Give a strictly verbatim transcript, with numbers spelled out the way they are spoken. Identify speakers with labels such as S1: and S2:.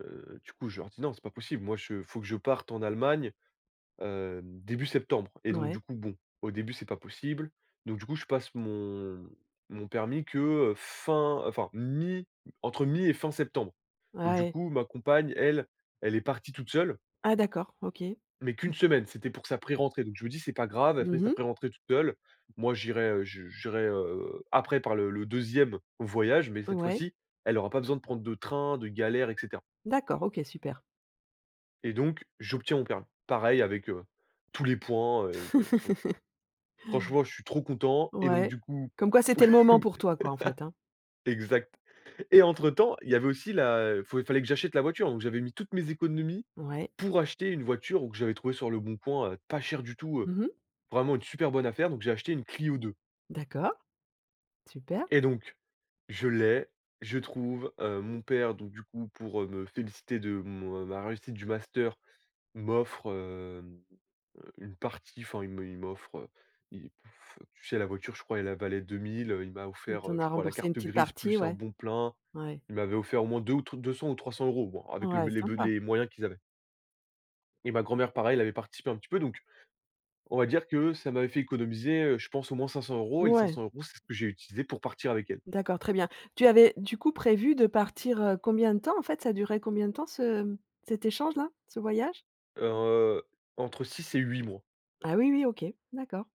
S1: Heu, du coup, je leur dis: «Non c'est pas possible, moi je faut que je parte en Allemagne, heu, début septembre,» et donc du
S2: Ouais.
S1: coup bon, au début c'est pas possible, donc du coup, je passe mon mon permis que, heu, fin enfin mi entre mi et fin septembre, donc du
S2: Ouais.
S1: coup ma compagne elle, elle est partie toute seule
S2: Ah, d'accord, OK.
S1: mais qu'une semaine, c'était pour sa pré-rentrée, donc je me dis, c'est pas grave, elle fait
S2: Mmh
S1: sa
S2: mh.
S1: pré-rentrée toute seule. Moi, j'irai, heu, je j'irai, heu, après, par le le deuxième voyage, mais cette
S2: Ouais.
S1: fois-ci, elle aura pas besoin de prendre de train, de galère, et cetera.
S2: D'accord, OK, super.
S1: Et donc j'obtiens mon permis. Pareil avec, heu, tous les points, heu, de toute façon je suis franchement je suis trop content et donc
S2: Ouais,
S1: du coup
S2: comme quoi, c'était le moment pour toi, quoi, en fait, hein?
S1: exact, et entre temps, il y avait aussi la, heu faut fallait que j'achète la voiture, donc j'avais mis toutes mes économies
S2: Ouais.
S1: pour acheter une voiture où que j'avais trouvée sur le bon point, pas cher du tout, heu,
S2: Mmh mh.
S1: vraiment une super bonne affaire, donc j'ai acheté une Clio deux.
S2: D'accord, super.
S1: Et donc je l'ai, je trouve, heu, mon père donc du coup pour, heu, me féliciter de mon, heu ma réussite du master, m'offre, hem, heu, une partie enfin il me il m'offre, heu, il tu sais la voiture je crois elle elle valait deux milles, heu, il m'a
S2: Il
S1: offert, heu,
S2: t'en
S1: je
S2: a
S1: crois la
S2: remboursé une
S1: carte
S2: petite
S1: grise
S2: partie,
S1: plus un
S2: ouais,
S1: bon plein,
S2: Ouais.
S1: il m'avait offert au moins deux ou deux deux cents ou trois cents euros bon avec le m
S2: Ouais,
S1: les me
S2: sympa.
S1: les moyens qu'ils avaient. Et ma grand-mère pareil, elle avait participé un petit peu, donc. On va dire que ça m'avait fait économiser, heu, je pense, au moins cinq cents euros, et les cinq
S2: Ouais.
S1: cents euros, c'est ce que j'ai utilisé pour partir avec elle.
S2: D'accord, très bien. Tu avais du coup prévu de partir, heu, combien de temps en fait? Ca durait combien de temps ce mmh cet échange là, ce voyage?
S1: Heu, entre six et huit mois.
S2: Ah, oui, oui, OK. D'accord.